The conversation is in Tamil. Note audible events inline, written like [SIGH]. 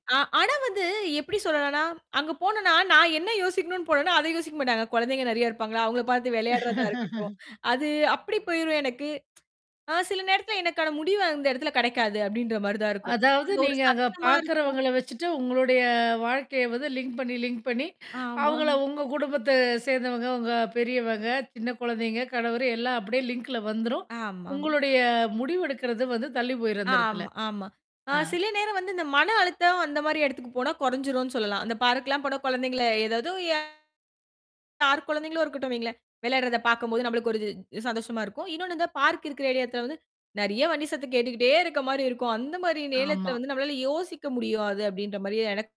ஆ ஆனா வந்து, எப்படி சொல்லலாம்ன்னா? அங்க போனோம்னா நான் என்னா யோசிக்கணும்னு போனேன்னோ, அதை யோசிக்க மாட்டாங்க. கொழந்தைக நெறையா இருப்பாங்களா! அவுங்களப் பாத்து வெளையாடுறதா இருக்கட்டும், [LAUGHS] அது அப்படி போய்ரும் எனக்கு. [TSK] ஆ சில நேரத்தில எனக்கான முடிவு அந்த இடத்துல கெடைக்காது. அப்படின்ற மாரி தான் இருக்கும். அதாவது அங்க ஒரு நீங்க அங்க சத்தமா இருக்கும் பாக்குறவங்கள வச்சுட்டு, உங்களுடைய வாழ்க்கையை வந்து லிங்க் பண்ணீ லிங்க் பண்ணீ, ஆமா. அவுங்கள உங்க குடும்பத்தை சேர்ந்தவங்க, உங்க பெரியவங்க, சின்ன குழந்தைங்க, கணவரு எல்லாம் அப்படியே லிங்க்ல வந்துரும். ஆமா. உங்களுடைய முடிவெடுக்கிறது வந்து, தள்ளி போயிரும் அந்த எடத்துல! ஆமா ஆமா. அ ஆ. சில நேரம் வந்து இந்த மன அழுத்தம், அந்த மாரி எடத்துக்கு போனா, கொறஞ்சுரும்ன்னு சொல்லலாம். அந்த பார்க் எல்லாம் போனா, கொழந்தைங்கள ஏதாவது [UNINTELLIGIBLE] யார் குழந்தைகளும் இருக்கட்டும் வையுங்களேன். விளையாடுறத பாக்கும்போது, நம்மளுக்கு ஒரு இது சந்தோஷமா இருக்கும். இன்னொன்னு இந்த பார்க் இருக்கற ஏரியா எடத்துல வந்து நெறையா வண்டி சத்தம் கேட்டுக்கிட்டே இருக்க மாரி இருக்கும். அந்த மாதிரி நேரத்தில ஆமா. வந்து நம்மளால யோசிக்க முடியாது அப்படின்ற மாரி எனக்